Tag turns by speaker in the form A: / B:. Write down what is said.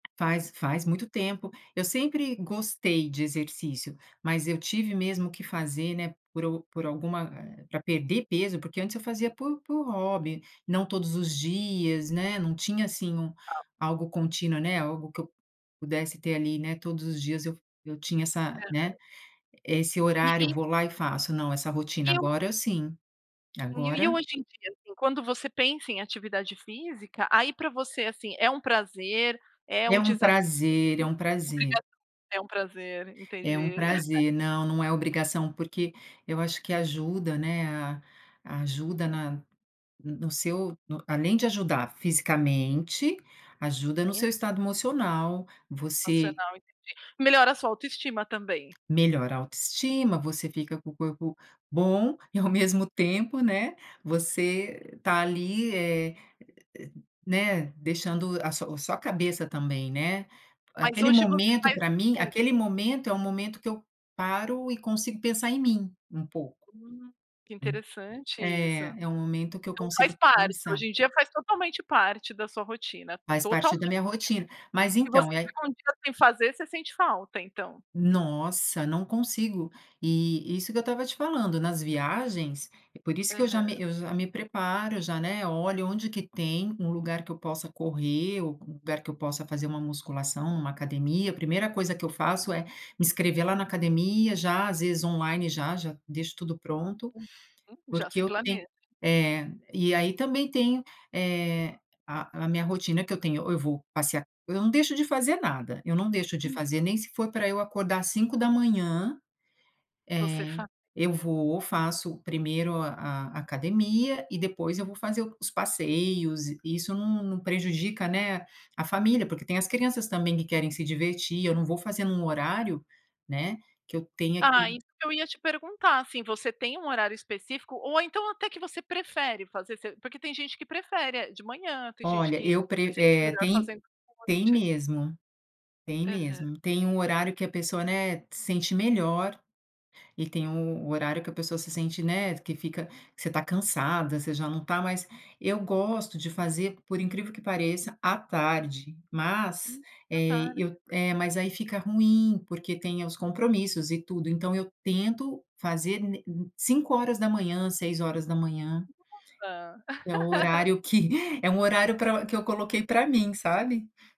A: Faz faz muito tempo. Eu sempre gostei de exercício. Mas eu tive mesmo que fazer, né, por u por alguma, eh, pra perder peso, porque antes eu fazia por por hobby, não todos os dias, né, não tinha, assim, um
B: Ao
A: algo contínuo, né, algo que eu pudesse ter ali, né, todos os dias eu eu tinha essa,
B: Uhum.
A: né, esse
B: E
A: horário:
B: e
A: "Vou lá e faço." Não, essa rotina
B: E o
A: agora, sim.
B: Uhum. E
A: Agora
B: o hoje em dia, assim, quando você pensa em atividade física, aí pra você, assim, é um prazer, é
A: É
B: um
A: um
B: desafio,
A: prazer,
B: é
A: é um
B: uma
A: prazer.
B: obrigação? É um prazer.
A: É um
B: Entendi.
A: prazer não, não é obrigação porque eu acho que ajuda, né, a ajuda na no no seu, no além de ajudar fisicamente, ajuda no
B: Sim.
A: seu estado emocional, você
B: Emocional, entendi. Melhora a sua autoestima também.
A: melhora a autoestima, você fica com o corpo bom e, ao mesmo tempo, né, você tá ali, eh, e e, né, deixando a su a sua cabeça também, né.
B: Mas
A: Aquele
B: hoje você
A: momento,
B: faz
A: pra
B: de
A: mim
B: tudo.
A: aquele momento é o momento que eu paro e consigo pensar em mim, um pouco.
B: Hum. Que
A: Hum.
B: interessante isso.
A: É, é um momento que eu
B: Então faz
A: consigo
B: parte.
A: pensar.
B: Hoje em dia faz totalmente parte da sua rotina,
A: Faz parte da
B: totalmente.
A: minha rotina. Mas,
B: Se você
A: então, e aí
B: ficar 1 dia sem fazer você sente falta, então.
A: Nossa, não consigo. E isso que eu estava te falando, nas viagens por isso que eu
B: Aham.
A: já me eu já me preparo, já, né, olho onde que tem um lugar que eu possa correr, ou um lugar que eu possa fazer uma musculação, uma academia a 1ª coisa que eu faço é me inscrever lá na academia já, às vezes online já já deixo tudo pronto,
B: Uhum. Já se
A: porque eu ten
B: planeja.
A: é. E aí também tenho, eh, a a minha rotina que eu tenho, ou eu vou passear eu não deixo de fazer nada. Eu não deixo de
B: Hum.
A: fazer, nem se for pra eu acordar às 5h,
B: Você
A: eh,
B: fa
A: eu vou, faço 1º a a academia e depois eu vou fazer o os passeios e isso não não prejudica, né, a família, porque tem as crianças também que querem se divertir eu não vou fazer num horário, né, que eu tenha
B: Ah,
A: que
B: isso que eu ia te perguntar, assim, você tem um horário específico, ou então até que você prefere fazer? Se porque tem gente que prefere é de manhã, tem gente
A: Olha,
B: que
A: eu pre
B: se sente
A: eh,
B: melhor
A: tem
B: fazendo à
A: tem
B: noite.
A: mesmo. Tem
B: Aham.
A: mesmo. Tem um horário que a pessoa, né, se sente melhor e tem u um horário que a pessoa se sente, né, que fica que você tá cansada, você já não tá mais eu gosto de fazer, por incrível que pareça, à tarde, mas,
B: Hum, à
A: eh,
B: tarde.
A: eu eh, mas aí fica ruim porque tem os compromissos e tudo. Então eu tento fazer n em 5h, 6h
B: Nossa.
A: que é o horário que é um horário pra que eu coloquei pra mim, sabe.